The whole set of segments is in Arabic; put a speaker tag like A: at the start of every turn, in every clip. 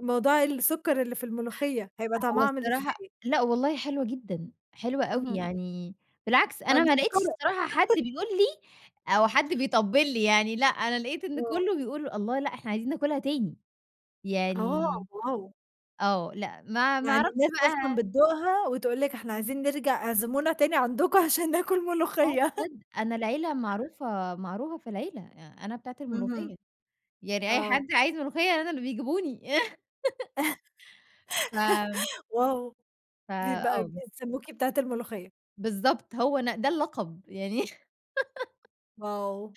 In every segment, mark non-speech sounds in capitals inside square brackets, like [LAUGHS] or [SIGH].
A: موضوع السكر اللي في الملوخية، هيبقى
B: أ هو
A: طعمها عامل
B: الصراحة
A: إزاي؟
B: لأ والله حلوة جدًا، حلوة أوي،
A: اهم.
B: يعني بالعكس أنا ما لقيتش
A: فمسكرة.
B: الصراحة حد
A: [CHUCKLES]
B: بيقول لي أو حد بيطبِّل لي يعني، لأ أنا لقيت إن
A: آه.
B: كلّه بيقول: "الله! لأ إحنا عايزين ناكلها تاني."
A: آه،
B: يعني
A: واو!
B: آه لأ ما ما
A: يعني
B: أعرَفش
A: الناس أصلًا
B: بقي
A: بتدوقها وتقول لِك إحنا عايزين نرجَع اعزمونا تاني عَندكم عشان ناكل
B: آه
A: ملوخية.
B: بجد، أنا العيلة معروفة معروفة في العيلة يع أنا بتاعة الملوخية.
A: اهم.
B: يعني أي
A: آه.
B: حد عايز ملوخية أنا اللي بيجيبوني. [CHUCKLES] ف
A: [CHUCKLES] واو!
B: ف
A: بيبقى
B: آه بس.
A: بيسمّوكِ بتاعة الملوخية.
B: بالضبط، هو أنا ده اللقب يعني [LAUGHS]
A: واو!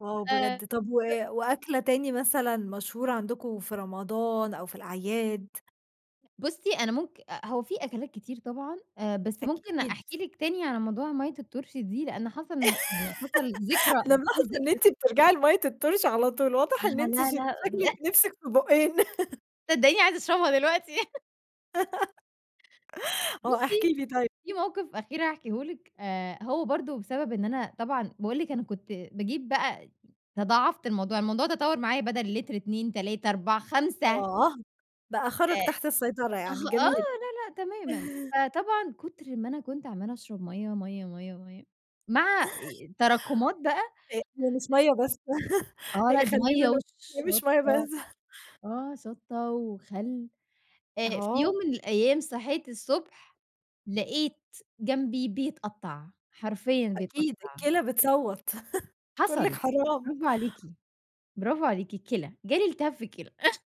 A: واو
B: آآ
A: بجد! طَب و
B: ب
A: وأكلة تاني مثلًا مشهورة عَندكم في رمضان أو في الأعياد؟
B: بُصّي أنا ممك أأ، هو في أكلات كتير طبعًا آآ بس ممكن
A: أكيد.
B: أحكي لِك تاني على موضوع ميّة الطرشي دي لأن حصَل م يعني حصَل
A: [LAUGHS]
B: ذكرى
A: أنا
B: وفي
A: ملاحظة إن
B: ذكر
A: أنتِ بترجَعي لمَيّة الطرشي على طول واضح إن
B: أها،
A: أنتِ ش
B: لا، لأ
A: شكلِك
B: [CHUCKLES]
A: نِفسِك في بوقّين
B: صدّقيني عايزة أشرَبها دلوقتي. [CHUCKLES]
A: [LAUGHS] آه احكي
B: بُصّي،
A: لي طيّب.
B: في مَوقِف أخير هاحكيه لِك آآ هو برضه بسبب إن أنا طبعًا باقول لِك أنا كنت باجيب بقى تضاعَفت الموضوع، الموضوع تطوّر معايا بدل لتر 2 3 4 5.
A: آه بقي
B: ده
A: خرَج تحت السيطرة
B: أها،
A: يعني
B: آه،
A: جميل.
B: لا، لأ تمامًا،
A: [CHUCKLES]
B: فطبعًا كُتر ما أنا كنت عمّالة أشرَب مَيّة، مَيّة، مَيّة، مَيّة مع إ إ تراكمات بقى.
A: أ هي مش مَيّة بس [CHUCKLES]
B: آه، لأ
A: هي
B: دي
A: خلّينا
B: مَيّة
A: نق إن هي مش ميّة
B: وشطّة،
A: بس.
B: آه شطّة وخل، آآ في يوم
A: أها.
B: من الأيام صحيت الصبح لقيت جنبي بيتقطّع، حرفيًا بيتقطّع.
A: أكيد، الكِلَى بتصوّت [CHUCKLES] بتقول
B: حصَل،
A: لِك حرام.
B: براڨو عليكِ براڨو عليكِ، الكِلَى جالي التهاب في الكِلَى. [CHUCKLES]